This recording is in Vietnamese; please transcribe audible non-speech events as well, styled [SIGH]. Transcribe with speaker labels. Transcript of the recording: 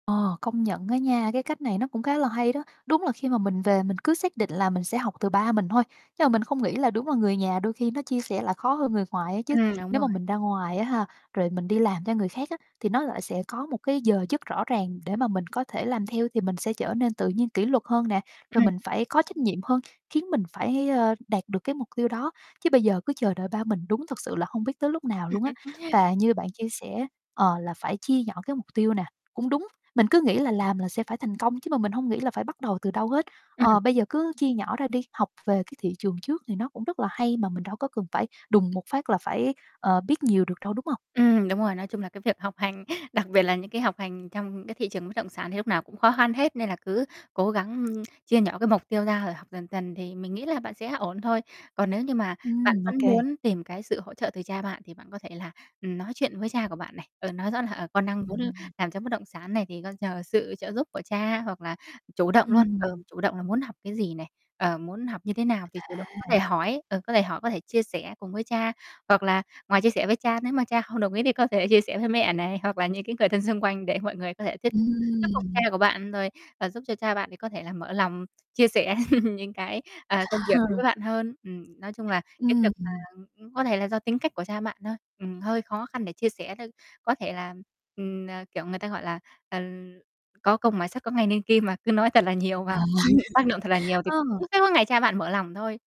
Speaker 1: Ờ, công nhận á nha, cái, cách này nó cũng khá là hay đó, đúng là khi mà mình về mình cứ xác định là mình sẽ học từ ba mình thôi nhưng mà mình không nghĩ là đúng là người nhà đôi khi nó chia sẻ lại khó hơn người ngoài á chứ.
Speaker 2: Ừm, đúng
Speaker 1: Nếu
Speaker 2: rồi.
Speaker 1: mà mình ra ngoài á ha, rồi mình đi làm cho người khác á thì nó lại sẽ có một cái giờ giấc rõ ràng để mà mình có thể làm theo, thì mình sẽ trở nên tự nhiên kỷ luật hơn nè rồi
Speaker 2: Ừm.
Speaker 1: mình phải có trách nhiệm hơn, khiến mình phải, ờ, đạt được cái mục tiêu đó, chứ bây giờ cứ chờ đợi ba mình đúng thật sự là không biết tới lúc nào luôn á.
Speaker 2: [LAUGHS]
Speaker 1: Và như bạn chia sẻ, ờ, là phải chia nhỏ cái mục tiêu nè, cũng đúng, mình cứ nghĩ là làm là sẽ phải thành công chứ mà mình hông nghĩ là phải bắt đầu từ đâu hết.
Speaker 2: Ừm.
Speaker 1: Ờ, bây giờ cứ chia nhỏ ra đi, học về cái thị trường trước thì nó cũng rất là hay mà mình đâu có cần phải đùng một phát là phải, ờ, biết nhiều được đâu, đúng hông?
Speaker 2: Ừm, đúng rồi, nói chung là cái việc học hành, đặc biệt là những cái học hành trong cái thị trường bất động sản thì lúc nào cũng khó khăn hết nên là cứ cố gắng, ưm, chia nhỏ cái mục tiêu ra rồi học dần dần thì mình nghĩ là bạn sẽ ổn thôi. Còn nếu như mà bạn
Speaker 1: Ừm,
Speaker 2: vẫn
Speaker 1: OK.
Speaker 2: muốn tìm cái sự hỗ trợ từ cha bạn thì bạn có thể là, ừm, nói chuyện với cha của bạn này, ờ, nói rõ là, ờ, con đang muốn
Speaker 1: Ừm.
Speaker 2: làm cho bất động sản này thì con nhờ sự trợ giúp của cha hoặc là chủ động luôn. Ờ,
Speaker 1: Ừm.
Speaker 2: chủ động là muốn học cái gì này, ờ, muốn học như thế nào thì chủ động có
Speaker 1: À.
Speaker 2: thể hỏi, ờ, có thể hỏi có thể chia sẻ cùng với cha, hoặc là ngoài chia sẻ với cha nếu mà cha không đồng ý thì có thể chia sẻ với mẹ này, hoặc là những cái người thân xung quanh để mọi người có thể thuyết thuyết phục cha
Speaker 1: Ừm.
Speaker 2: của bạn rồi và giúp cho cha bạn thì có thể là mở lòng chia sẻ [CHUCKLES] những cái, à, công việc đối với
Speaker 1: [LAUGHS]
Speaker 2: bạn hơn. Ừm. Nói chung là cái việc
Speaker 1: Ừm,
Speaker 2: mà,
Speaker 1: ừm.
Speaker 2: ừm, ưm, có thể là do tính cách của cha bạn thôi, ừm, hơi khó khăn để chia sẻ thôi. Có thể là, ừm, ờ, kiểu, người ta gọi là, ờ, có công mài sắt có ngày nên kim mà, cứ nói thật là nhiều vào [CHUCKLES] tác động thật là nhiều
Speaker 1: [LAUGHS]
Speaker 2: thì
Speaker 1: Ờ.
Speaker 2: cũng sẽ ngày cha bạn mở lòng thôi.